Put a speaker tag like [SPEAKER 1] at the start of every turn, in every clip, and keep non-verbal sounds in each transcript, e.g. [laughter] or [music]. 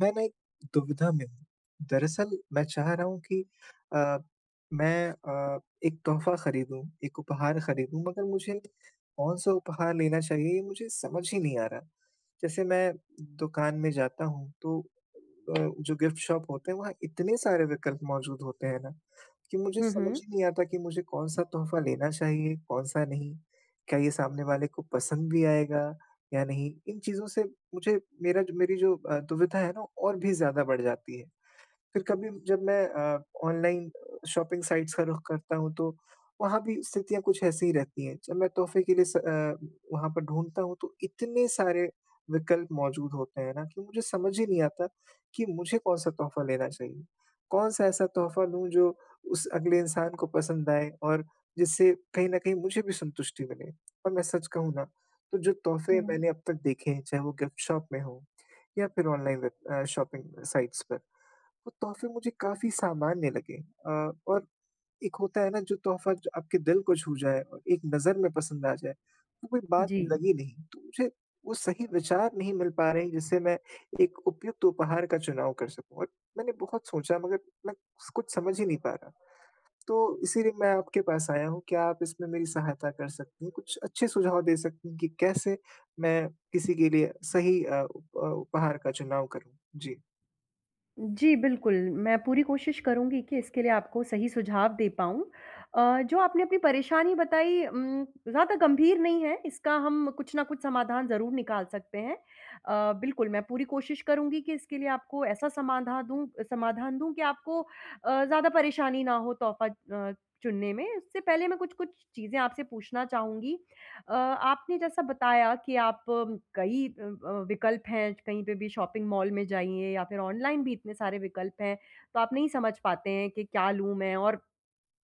[SPEAKER 1] मैं ना एक दुविधा में हूँ। दरअसल मैं चाह रहा हूँ कि अ, मैं अ, एक तोहफ़ा ख़रीदूँ एक उपहार ख़रीदूँ मगर मुझे कौन-सा उपहार लेना चाहिए ये मुझे समझ ही नहीं आ रहा। जैसे मैं दुकान में जाता हूँ तो अ, जो गिफ्ट शॉप होते हैं वहाँ इतने सारे विकल्प मौजूद होते हैं ना कि मुझे
[SPEAKER 2] हुँ,
[SPEAKER 1] समझ
[SPEAKER 2] हुँ।
[SPEAKER 1] ही नहीं आता कि मुझे कौन-सा तोहफ़ा लेना चाहिए? कौन-सा नहीं? क्या ये सामने वाले को पसंद भी आएगा? या नहीं? इन चीज़ों से मुझे मेरा मेरी जो अ, दुविधा है ना और भी ज़्यादा बढ़ जाती है। फ़िर कभी जब मैं अ, ऑनलाइन शॉपिंग साइट्स का रुख करता हूँ तो वहाँ भी स्थितियाँ कुछ ऐसी ही रहती हैं। जब मैं तोहफ़े के लिए स अ, वहाँ पर ढूँढता हूँ तो इतने सारे विकल्प मौजूद होते हैं ना कि मुझे समझ ही नहीं आता कि मुझे कौन-सा तोहफ़ा लेना चाहिए? कौन-सा ऐसा तोहफ़ा लूँ जो उस अगले इंसान को पसंद आए? और जिससे कहीं न कहीं मुझे भी संतुष्टि मिले और मैं सच कहूँ ना तो जो तोहफ़े
[SPEAKER 2] हुँ।
[SPEAKER 1] मैंने अब तक देखे हैं चाहे वो गिफ्ट शॉप में हो या फ़िर ऑनलाइन वेब अ, शॉपिंग साइट्स पे वो तोहफ़े मुझे काफ़ी सामान्य लगे। अ, और एक होता है ना जो तोहफ़ा आपके दिल को छू जाए और एक नज़र में पसंद आ जाए तो कोई बात
[SPEAKER 2] जी।
[SPEAKER 1] लगी नहीं। तो मुझे वो सही विचार नहीं मिल पा रहे हैं जिससे मैं एक उपयुक्त उपहार का चुनाव कर सकूँ और मैंने बहुत सोचा मगर मैं कुछ समझ ही नहीं पा रहा। तो इसीलिए मैं आपके पास आया हूँ क्या आप इसमें मेरी सहायता कर सकती हैं? कुछ अच्छे सुझाव दे सकती हैं कि कैसे मैं किसी के लिए सही अ, उप उपहार का चुनाव करूँ? जी।
[SPEAKER 2] जी, बिल्कुल, मैं पूरी कोशिश करूँगी कि इसके लिए आपको सही सुझाव दे पाऊँ। अ, जो आपने अपनी परेशानी बताई उम, ज़्यादा गंभीर नहीं है, इसका हम कुछ ना कुछ समाधान ज़रूर निकाल सकते हैं। अ, बिल्कुल, मैं पूरी कोशिश करूँगी कि इसके लिए आपको ऐसा समाधा दूँ अ, समाधान दूँ कि आपको अ, ज़्यादा परेशानी ना हो तोहफ़ा अ, चुनने में। उससे पहले मैं कुछ-कुछ चीज़ें आपसे पूछना चाहूँगी। अ, आपने जैसा बताया कि आप कई अ अ, विकल्प हैं, कहीं पे भी शॉपिंग मॉल में जाइए या फिर ऑनलाइन भी इतने सारे विकल्प हैं, तो आप नहीं समझ पाते हैं कि क्या लूँ मैं। और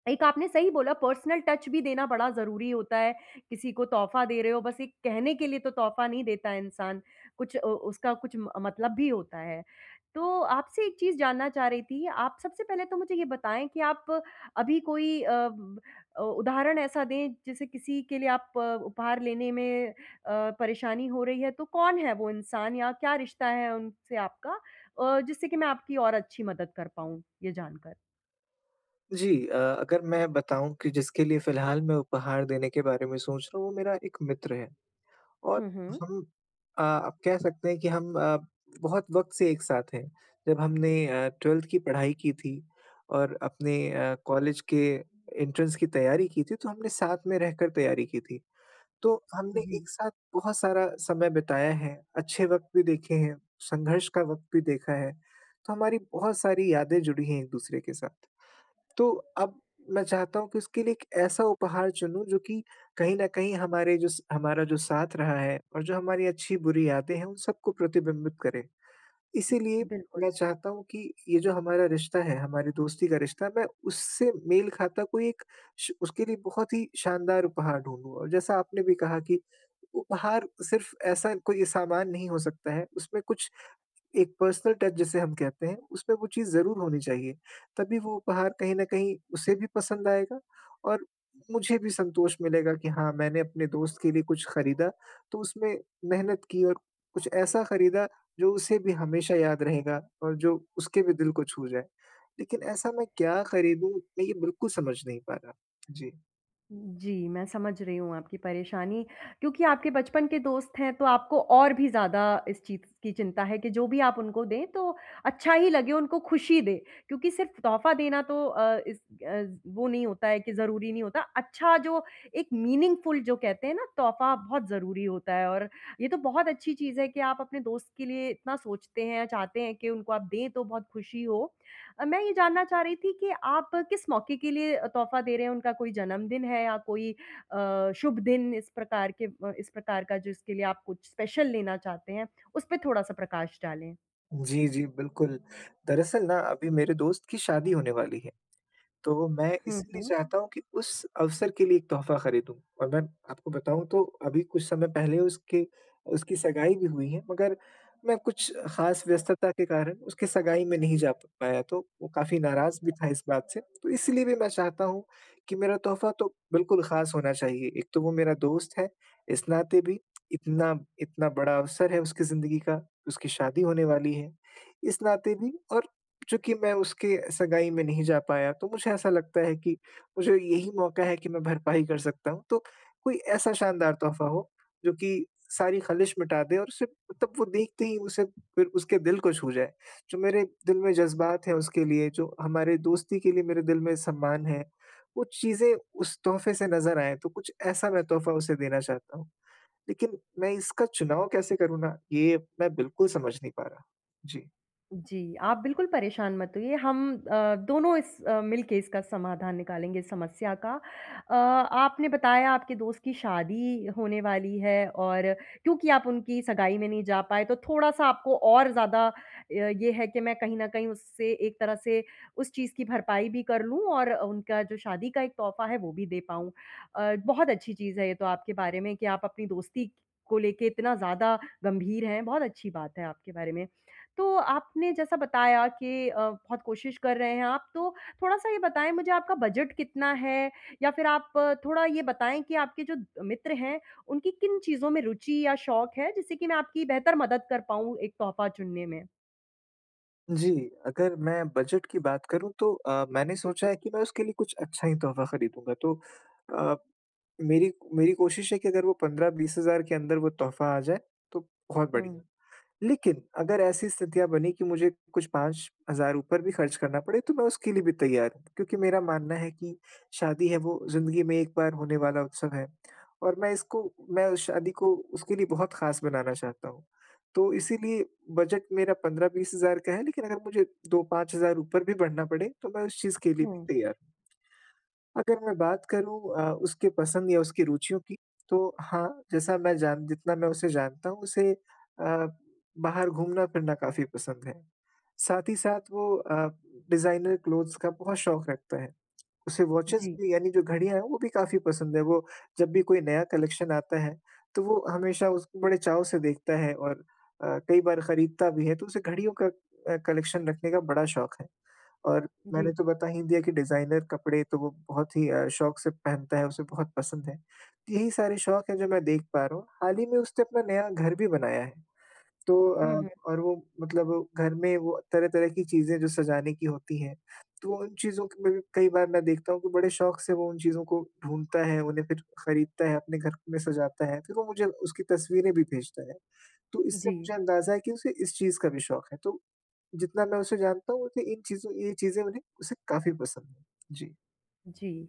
[SPEAKER 2] एक आपने सही बोला, पर्सनल टच भी देना बड़ा ज़रूरी होता है। किसी को तोहफ़ा दे रहे हो, बस एक कहने के लिए तो तोहफ़ा नहीं देता इंसान, कुछ अ, उसका कुछ म मतलब भी होता है। तो आपसे एक चीज़ जानना चाह रही थी, आप सबसे पहले तो मुझे ये बताएँ कि आप अभी कोई अ, ब अ, उदाहरण ऐसा दें, जैसे किसी के लिए आप उपहार लेने में अ, परेशानी हो रही है, तो कौन है वो इंसान या क्या रिश्ता है उनसे आपका अ, जिससे कि मैं आपकी और अच्छी मदद कर पाऊँ ये जानकर।
[SPEAKER 1] जी अ, अगर मैं बताऊँ कि जिसके लिए फ़िलहाल मैं उपहार देने के बारे में सोच रहा हूँ, वो मेरा एक मित्र है, और
[SPEAKER 2] हुँ, हुँ।
[SPEAKER 1] हम अ, आप कह सकते हैं कि हम अ, बहुत वक़्त से एक साथ हैं। जब हमने अ, 12th की पढ़ाई की थी और अपने अ, कॉलेज के एंट्रेंस की तैयारी की थी, तो हमने साथ में रहकर तैयारी की थी। तो हमने
[SPEAKER 2] जी।
[SPEAKER 1] एक साथ बहुत सारा समय बिताया है, अच्छे वक़्त भी देखे हैं, संघर्ष का वक़्त भी देखा है, तो हमारी बहुत सारी यादें जुड़ी हैं एक-दूसरे के साथ। तो अब मैं चाहता हूँ कि उसके लिए एक ऐसा उपहार चुनूँ, जो कि कहीं न कहीं हमारे जो स हमारा जो साथ रहा है और जो हमारी अच्छी-बुरी यादें हैं, उन सबको प्रतिबिंबित करे। इसीलिए
[SPEAKER 2] बिल्कुल।
[SPEAKER 1] मैं चाहता हूँ कि ये जो हमारा रिश्ता है, हमारी दोस्ती का रिश्ता, मैं उससे मेल खाता कोई एक श उसके लिए बहुत ही शानदार उपहार ढूँढूँ। और जैसा आपने भी कहा कि उपहार सिर्फ़ ऐसा कोई सामान नहीं हो सकता है, उसमें कुछ एक पर्सनल टच जिसे हम कहते हैं, उसमें वो चीज़ ज़रूर होनी चाहिए। तभी वो उपहार कहीं न कहीं उसे भी पसंद आएगा, और मुझे भी संतोष मिलेगा कि हाँ, मैंने अपने दोस्त के लिए कुछ खरीदा, तो उसमें मेहनत की, और कुछ ऐसा खरीदा जो उसे भी हमेशा याद रहेगा और जो उसके भी दिल को छू जाए। लेकिन ऐसा मैं क्या खरीदूँ, मैं ये बिल्कुल समझ नहीं पा रहा। जी।
[SPEAKER 2] जी, मैं समझ रही हूँ आपकी परेशानी क्योंकि आपके बचपन के दोस्त हैं, तो आपको और भी ज़्यादा इस चीज़ की चिंता है कि जो भी आप उनको दें, तो अच्छा ही लगे, उनको खुशी दे, क्योंकि सिर्फ़ तोहफ़ा देना तो अ, इस अज़ वो नहीं होता है कि ज़रूरी नहीं होता। अच्छा, जो एक मीनिंगफ़ुल जो कहते हैं ना तोहफ़ा, बहुत ज़रूरी होता है। और ये तो बहुत अच्छी चीज़ है कि आप अपने दोस्त के लिए इतना सोचते हैं, या चाहते हैं कि उनको आप दें, तो बहुत खुशी हो। अ, मैं ये जानना चाह रही थी कि आप किस मौके के लिए अ, तोहफ़ा दे रहे हैं, उनका कोई जन्मदिन है या कोई अ, शुभ दिन, इस प्रकार के इस प्रकार का, जिसके लिए आप कुछ स्पेशल लेना चाहते हैं? उसपे थोड़ा-सा प्रकाश डालें।
[SPEAKER 1] जी, जी, बिल्कुल। दरअसल ना अभी मेरे दोस्त की शादी होने वाली है। तो मैं
[SPEAKER 2] हुँ,
[SPEAKER 1] इसलिए
[SPEAKER 2] हुँ।
[SPEAKER 1] चाहता हूँ की उस अवसर के लिए एक तोहफ़ा खरीदूँ। और मैं आपको बताऊँ तो अभी कुछ समय पहले उसके उसकी सगाई भी हुई है मगर मैं कुछ ख़ास व्यस्तता के कारण उसकी सगाई में नहीं जा पाया तो वो काफ़ी नाराज़ भी था इस बात से, तो इसलिए भी मैं चाहता हूँ कि मेरा तोहफ़ा तो बिल्कुल ख़ास होना चाहिए। एक तो वो मेरा दोस्त है इस नाते भी, इतना इतना बड़ा अवसर है उसकी ज़िन्दगी का उसकी शादी होने वाली है इस नाते भी और चूँकि मैं उसके सगाई में नहीं जा पाया तो मुझे ऐसा लगता है कि मुझे यही मौका है कि मैं भरपाई कर सकता हूँ। तो कोई ऐसा शानदार तोहफ़ा हो जो की सारी खलिश मिटा दे और उसे तब वो देखते ही उसे फिर उसके दिल को छू जाए। जो मेरे दिल में जज़्बात है उसके लिए जो हमारे दोस्ती के लिए मेरे दिल में सम्मान है, वो चीज़ें उस तोहफ़े से नज़र आएँ तो कुछ ऐसा मैं तोहफ़ा उसे देना चाहता हूँ। लेकिन मैं इसका चुनाव कैसे करूँ ना ये मैं बिल्कुल समझ नहीं पा रहा। जी।
[SPEAKER 2] जी, आप बिल्कुल परेशान मत होइए, हम अ, दोनों इस अ, मिल के इसका समाधान निकालेंगे, इस समस्या का। अ, आपने बताया, आपके दोस्त की शादी होने वाली है और क्योंकि आप उनकी सगाई में नहीं जा पाए, तो थोड़ा-सा आपको और ज़्यादा अ, ये है कि मैं कहीं न कहीं उससे एक तरह से उस चीज़ की भरपाई भी कर लूँ और उनका जो शादी का एक तोहफ़ा है, वो भी दे पाऊँ। अ, बहुत अच्छी चीज़ है ये तो आपके बारे में कि आप अपनी दोस्ती को लेके इतना ज़्यादा गंभीर हैं, बहुत अच्छी बात है आपके बारे में। तो आपने जैसा बताया कि अ, बहुत कोशिश कर रहे हैं आप, तो थोड़ा-सा ये बताएँ मुझे, आपका बजट कितना है या फिर आप थोड़ा ये बताएँ कि आपके जो अ, मित्र हैं, उनकी किन चीज़ों में रुचि या शौक है, जिससे कि मैं आपकी बेहतर मदद कर पाऊँ एक तोहफ़ा चुनने में?
[SPEAKER 1] जी, अगर मैं बजट की बात करूँ, तो अ, मैंने सोचा है कि मैं उसके लिए कुछ अच्छा ही तोहफ़ा खरीदूँगा। तो अ, मेरी मेरी कोशिश है कि अगर वो 15-20 हज़ार के अंदर वो तोहफ़ा आ जाए, तो बहुत बढ़िया।
[SPEAKER 2] हुँ।
[SPEAKER 1] लेकिन अगर ऐसी स्थितियाँ बनी कि मुझे कुछ 5 हज़ार ऊपर भी खर्च करना पड़े, तो मैं उसके लिए भी तैयार हूँ, क्योंकि मेरा मानना है कि शादी है, वो ज़िंदगी में एक बार होने वाला उत्सव है [smacks lips] और मैं इसको मैं उस शादी को उसके लिए बहुत खास बनाना चाहता हूँ। तो इसीलिए बजट मेरा 15-20 हज़ार का है, लेकिन अगर मुझे 2-5 हज़ार ऊपर भी बढ़ना पड़े, तो मैं उस चीज़ के लिए भी
[SPEAKER 2] हुँ।
[SPEAKER 1] तैयार हूँ। अगर मैं बात करूँ अ, उसके पसंद या उसके रूचियों की, तो हाँ, जैसा मैं जान जितना मैं उसे जानता हूँ, उसे अ, बाहर घूमना-फिरना काफ़ी पसंद है। साथ ही साथ वो अ, डिज़ाइनर क्लोथ्स का बहुत शौक रखता है। उसे वॉचेज़
[SPEAKER 2] जी।
[SPEAKER 1] भी, यानी जो घड़ियाँ हैं, वो भी काफ़ी पसंद है, वो जब भी कोई नया कलेक्शन आता है, तो वो हमेशा उसको बड़े चाव से देखता है और अ, कई बार खरीदता भी है, तो उसे घड़ियों का अ, कलेक्शन रखने का बड़ा शौक है। और मैंने
[SPEAKER 2] जी।
[SPEAKER 1] तो बता ही दिया कि डिज़ाइनर कपड़े तो वो बहुत ही अ, शौक से पहनता है, उसे बहुत पसंद है। यही सारे शौक हैं, जो मैं देख पा रहा हूँ। हाल ही में उसने अपना नया घर भी बनाया है, तो
[SPEAKER 2] हुँ,
[SPEAKER 1] अ,
[SPEAKER 2] हुँ।
[SPEAKER 1] और वो मतलब घर में वो तरह-तरह की चीज़ें जो सजाने की होती हैं, तो उन चीज़ों के लिए भी कई बार मैं देखता हूँ कि बड़े शौक से वो उन चीज़ों को ढूँढता है, उन्हें फिर खरीदता है, अपने घर में सजाता है, फिर वो मुझे उसकी तस्वीरें भी भेजता है। तो इससे
[SPEAKER 2] जी।
[SPEAKER 1] मुझे अंदाज़ा है कि उसे इस चीज़ का भी शौक है, तो जितना मैं उसे जानता हूँ, उसे इन चीज़ों ये चीज़ें उन्हें उसे काफ़ी पसंद हैं। जी।
[SPEAKER 2] जी।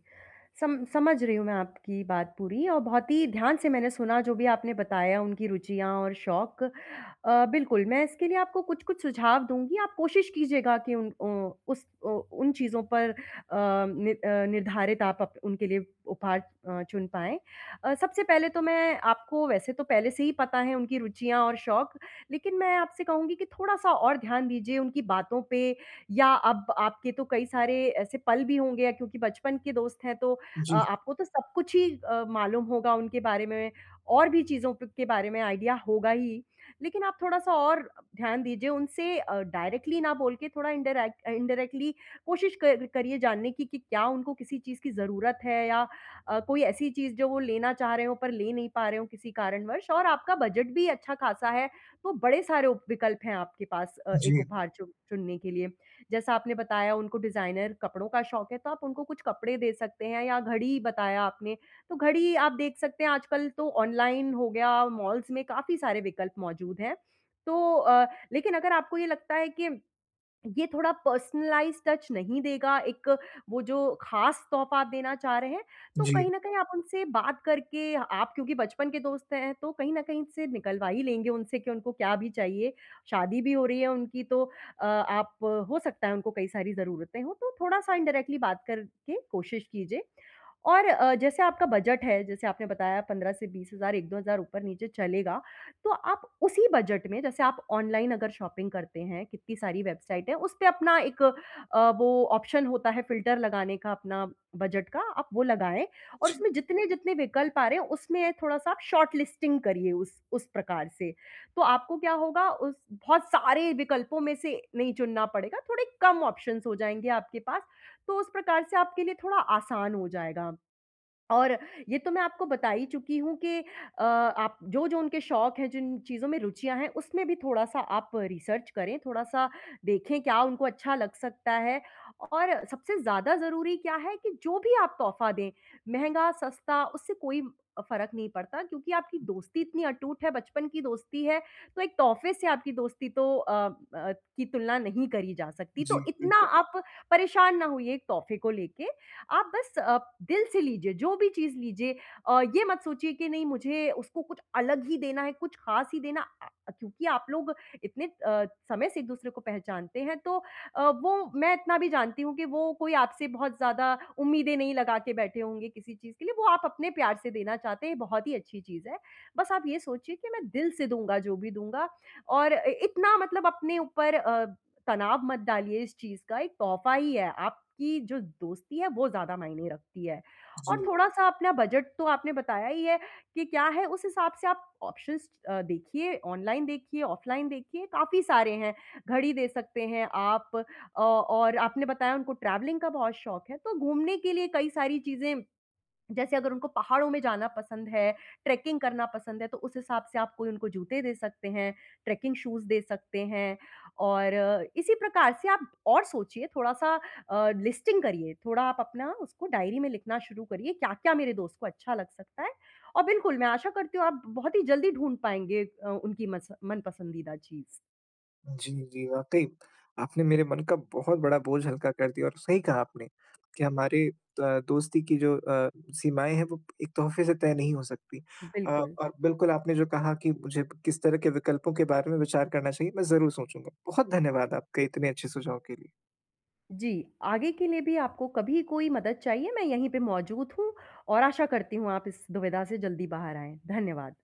[SPEAKER 2] सम समझ रही हूँ मैं आपकी बात पूरी और बहुत ही ध्यान से मैंने सुना, जो भी आपने बताया, उनकी रुचियाँ और शौक। अ, बिल्कुल, मैं इसके लिए आपको कुछ-कुछ सुझाव दूँगी, आप कोशिश कीजिएगा कि उन ओ उस उ उन चीज़ों पर अ, नि अ, निर्धारित आप अप उनके लिए उपहार अ, चुन पाएँ। अ, सबसे पहले तो मैं आपको वैसे तो पहले से ही पता है उनकी रुचियाँ और शौक, लेकिन मैं आपसे कहूँगी कि थोड़ा-सा और ध्यान दीजिए, उनकी बातों पे या अब आपके तो कई सारे ऐसे पल भी होंगे अ, क्योंकि बचपन के दोस्त हैं, तो अ,
[SPEAKER 1] जी।
[SPEAKER 2] आपको तो सब कुछ ही अ, मालूम होगा उनके बारे में और भी चीज़ों पे के बारे में आइडिया होगा ही। लेकिन आप थोड़ा-सा और ध्यान दीजिए, उनसे अ, डायरेक्टली ना बोल के थोड़ा इनडाईरेक अ, इंडायरेक्टली कोशिश कर करिए जानने की, कि क्या उनको किसी चीज़ की ज़रूरत है, या अ, कोई ऐसी चीज़ जो वो लेना चाह रहे हो, पर ले नहीं पा रहे हों किसी कारणवश? और आपका बजट भी अच्छा-खासा है, तो बड़े सारे उप विकल्प हैं आपके पास अ, एक
[SPEAKER 1] जी।
[SPEAKER 2] उपहार चुन चुनने के लिए। जैसा आपने बताया, उनको डिज़ाइनर कपड़ों का शौक है, तो आप उनको कुछ कपड़े दे सकते हैं या घड़ी ही बताया आपने, तो घड़ी ही आप देख सकते हैं। आजकल तो ऑनलाइन हो गया, मॉल्स में काफ़ी सारे विकल्प मौजूद हैं, तो अ, लेकिन अगर आपको ये लगता है कि ये थोड़ा पर्सनलाइज़्ड टच नहीं देगा, एक वो जो ख़ास तोहफ़ा आप देना चाह रहे हैं, तो
[SPEAKER 1] जी।
[SPEAKER 2] कहीं न कहीं आप उनसे बात करके, आप क्योंकि बचपन के दोस्त हैं, तो कहीं न कहीं से निकलवा ही लेंगे उनसे कि उनको क्या भी चाहिए। शादी भी हो रही है उनकी, तो अ, आप हो सकता है, उनको कई सारी ज़रूरतें हो, तो थोड़ा-सा इंडायरेक्टली बात करके कोशिश कीजिए। और अ, जैसे आपका बजट है, जैसे आपने बताया 15 से 20 हज़ार, 1-2 हज़ार ऊपर-नीचे चलेगा, तो आप उसी बजट में जैसे आप ऑनलाइन अगर शॉपिंग करते हैं, कितनी सारी वेबसाइट है, उसपे अपना एक अ, वो ऑप्शन होता है फिल्टर लगाने का, अपना बजट का, आप वो लगाएँ और
[SPEAKER 1] जी।
[SPEAKER 2] उसमें जितने-जितने विकल्प आ रहे हैं, उसमें थोड़ा-सा आप शॉर्टलिस्टिंग करिए उस उस प्रकार से। तो आपको क्या होगा उस बहुत सारे विकल्पों में से नहीं चुनना पड़ेगा, थोड़े कम ऑप्शंस हो जाएँगे आपके पास, तो उस प्रकार से आपके लिए थोड़ा आसान हो जाएगा। और ये तो मैं आपको बता ही चुकी हूँ कि अ, आप जो-जो उनके शौक हैं, जिन चीज़ों में रुचियाँ हैं, उसमें भी थोड़ा-सा आप रिसर्च करें, थोड़ा-सा देखें, क्या उनको अच्छा लग सकता है, और सबसे ज़्यादा ज़रूरी क्या है कि जो भी आप तोहफ़ा दें, महँगा, सस्ता, उससे कोई अ, फ़र्क़ नहीं पड़ता, क्योंकि आपकी दोस्ती इतनी अटूट है, बचपन की दोस्ती है, तो एक तोहफ़े से आपकी दोस्ती तो अ अ, की तुलना नहीं करी जा सकती। तो
[SPEAKER 1] जी,
[SPEAKER 2] इतना
[SPEAKER 1] बिल्कुल।
[SPEAKER 2] आप परेशान ना होइए एक तोहफ़े को लेके, आप बस अप दिल से लीजिए, जो भी चीज़ लीजिए अ, ये मत सोचिए कि नहीं, मुझे उसको कुछ अलग ही देना है, कुछ ख़ास ही देना अ अ, क्योंकि आप लोग इतने अ, समय से एक-दूसरे को पहचानते हैं, तो अ, वो मैं इतना भी जानती हूँ कि वो कोई आपसे बहुत ज़्यादा उम्मीदें नहीं लगा के बैठे होंगे किसी चीज़ के लिए, वो आप अपने प्यार से देना चाहते हैं, ये बहुत ही अच्छी चीज़ है। बस आप ये सोचिए कि मैं दिल से दूँगा, जो भी दूँगा और इ इतना मतलब अपने ऊपर अ, तनाव मत डालिए इस चीज़ का। एक तोहफ़ा ही है, आपकी जो दोस्ती है, वो ज़्यादा मायने रखती है।
[SPEAKER 1] जी,
[SPEAKER 2] और
[SPEAKER 1] बिल्कुल।
[SPEAKER 2] थोड़ा-सा अपना बजट तो आपने बताया ही है कि क्या है, उस हिसाब से आप ऑप्शंस अ, देखिए, ऑनलाइन देखिए, ऑफलाइन देखिए, काफ़ी सारे हैं। घड़ी दे सकते हैं आप अ, और आपने बताया उनको ट्रैवलिंग का बहुत शौक है, तो घूमने के लिए कई सारी चीज़ें जैसे अगर उनको पहाड़ों में जाना पसंद है, ट्रैकिंग करना पसंद है, तो उस हिसाब से आप कोई उनको जूते दे सकते हैं, ट्रैकिंग शूज़ दे सकते हैं। और इसी प्रकार से आप और सोचिए, थोड़ा-सा अ, लिस्टिंग करिए, थोड़ा आप अपना उसको डायरी में लिखना शुरू करिए, क्या-क्या मेरे दोस्त को अच्छा लग सकता है। और बिल्कुल मैं आशा करती हूँ, आप बहुत ही जल्दी ढूँढ़ पाएँगे अ, उनकी मस मनपसंदीदा चीज़।
[SPEAKER 1] जी, जी वाक़ई। आपने मेरे मन का बहुत बड़ा बोझ हल्का कर दिया और सही कहा आपने, कि हमारे अ, दोस्ती की जो अ, सीमाएँ हैं, वो एक तोहफ़े से तय नहीं हो सकती। अ,
[SPEAKER 2] बिल्कुल।
[SPEAKER 1] और बिल्कुल आपने जो कहा कि मुझे किस तरह के विकल्पों के बारे में विचार करना चाहिए, मैं ज़रूर सोचूँगा। बहुत धन्यवाद आपके इतने अच्छे सुझाव के लिए।
[SPEAKER 2] जी। आगे के लिए भी आपको कभी कोई मदद चाहिए, मैं यहीं पे मौजूद हूँ और आशा करती हूँ, आप इस दुविधा से जल्दी बाहर आएँ। धन्यवाद।